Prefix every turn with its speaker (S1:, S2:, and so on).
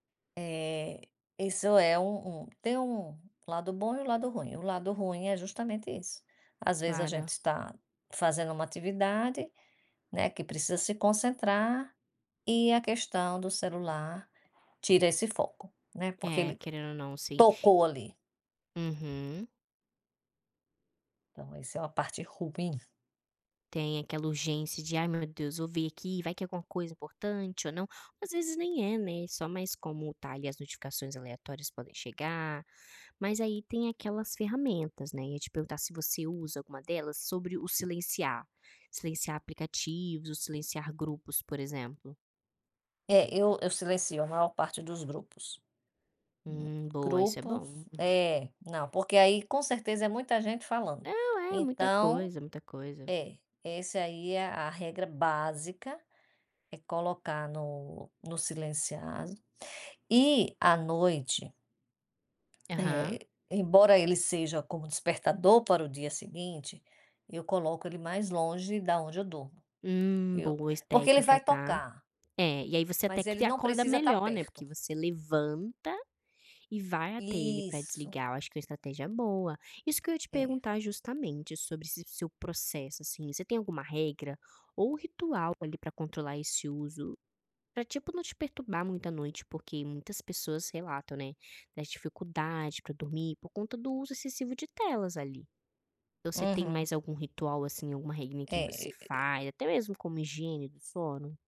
S1: É, isso é um um tem um lado bom e um lado ruim, o lado ruim é justamente isso. Às vezes a gente
S2: Clara.
S1: está fazendo uma atividade, né, que precisa se concentrar, e a questão do celular tira esse foco, né, porque
S2: É,
S1: ele
S2: querendo ou não, sim.
S1: tocou ali.
S2: Uhum.
S1: Então isso é uma parte ruim.
S2: Tem aquela urgência de: "Ai meu Deus, vou ver aqui, vai que é alguma coisa importante ou não", às vezes nem é, né, só mas como tá ali, as notificações aleatórias podem chegar. Mas aí tem aquelas ferramentas, né, e eu ia te perguntar se você usa alguma delas sobre o silenciar. Silenciar aplicativos, o silenciar grupos, por exemplo.
S1: É, eu eu silêncio a maior parte dos grupos.
S2: Hum, boa, isso é
S1: Grupo
S2: bom, uhum.
S1: é, não, porque aí com certeza é muita gente falando.
S2: Não, é muita
S1: Então,
S2: coisa, muita coisa.
S1: é, essa aí é a regra básica, é colocar no no silenciado. E à noite
S2: Aham.
S1: Eh, embora ele seja como despertador para o dia seguinte, eu coloco ele mais longe da onde eu durmo.
S2: Hum,
S1: Eu,
S2: boa es
S1: porque ele
S2: técnica,
S1: vai
S2: está.
S1: tocar.
S2: É, e aí você até
S1: Mas ele
S2: que
S1: não
S2: acorda
S1: precisa estar
S2: melhor, né,
S1: perto.
S2: porque você levanta e vai até ele para
S1: Isso.
S2: desligar, eu acho que é uma estratégia boa. Isso que eu ia te
S1: É.
S2: perguntar justamente sobre esse seu processo assim, você tem alguma regra, ou o ritual ali para controlar esse uso? Para tipo não te perturbar muito à noite, porque muitas pessoas relatam, né, da dificuldade para dormir por conta do uso excessivo de telas ali. Então você tem
S1: Uhum.
S2: mais algum ritual assim, alguma regrinha que você
S1: É.
S2: faz, até mesmo como higiene do sono?